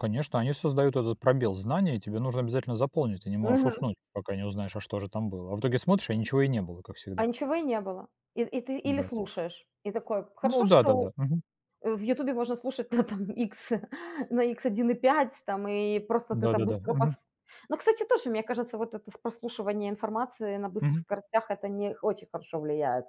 Конечно, они создают этот пробел знаний, тебе нужно обязательно заполнить, ты не можешь Мгм. уснуть, пока не узнаешь, а что же там было. А в итоге смотришь, а ничего и не было, как всегда. А ничего и не было. И и ты или Да. слушаешь и такой: Ну хорошо, что, да-да-да. Мгм. э, в "Ютубе" можно слушать на, там, икс на икс 1,5, там, и просто ты там Да-да-да, быстро подс мгм. Но, кстати, тоже, мне кажется, вот это прослушивание информации, э, на быстрых Мгм. скоростях- это не очень хорошо влияет.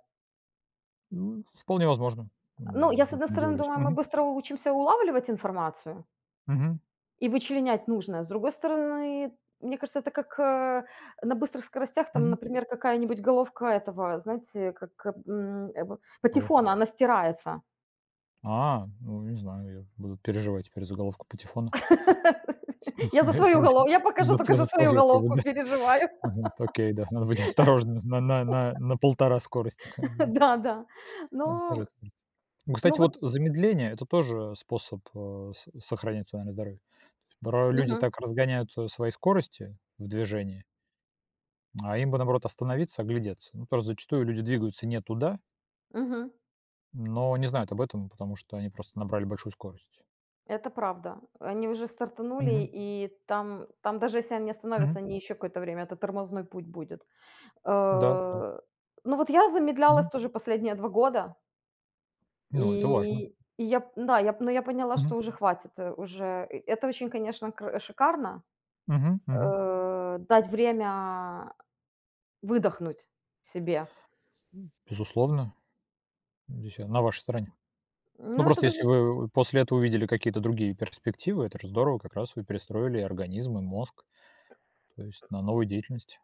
Ну, и вполне возможно. М, Но я я, с тут одной не стороны, удивлюсь, думаю, мы мгм. быстро учимся улавливать информацию Мгм. и вычленять нужное. С другой стороны, мне кажется, это как, э, на быстрых скоростях, там, Мгм. например, какая-нибудь головка этого, знаете, как, м, э, п Алло. патефона, она стирается. А, ну, не знаю, я буду переживать теперь за головку патефона. Я за свою голов я пока что только Св за за свою свою, как бы, головку да. переживаю. Мгм, окей, да. Надо быть осторожными на на на 1,5 скорости, как бы, да. Да да. Надо Но, снижать м, скорость. Ну, но кстати, вот вот замедление- это тоже, э, способ, э, со сохранять эмоциональное здоровье. То есть, бра люди Мгм. так разгоняют, а, свои скорости в движении а им бы, наоборот, остановиться, оглядеться, ну. Тоже зачастую люди двигаются не туда Мгм. но не знают об этом, потому что они просто набрали большую скорость. Это правда, э, они уже Мгм. стартанули, и там там даже если они остановятся, Мгм. они еще какое-то время, это тормозной путь будет, Да да. э. Ну вот я замедлялась Мгм. тоже последние 2 года. Ну, это важно. И и я, м-да, ну, поняла, что Мгм. уже хватит, э, уже и Это очень, конечно, кр шикарно, Мгм мгм. э, дать время выдохнуть себе. М, безусловно, здесь я на вашей стороне. Ну, Ну это просто если даже вы после этого увидели какие-то другие перспективы, это же здорово, как раз вы перестроили и организм, и мозг, то есть на новую деятельность.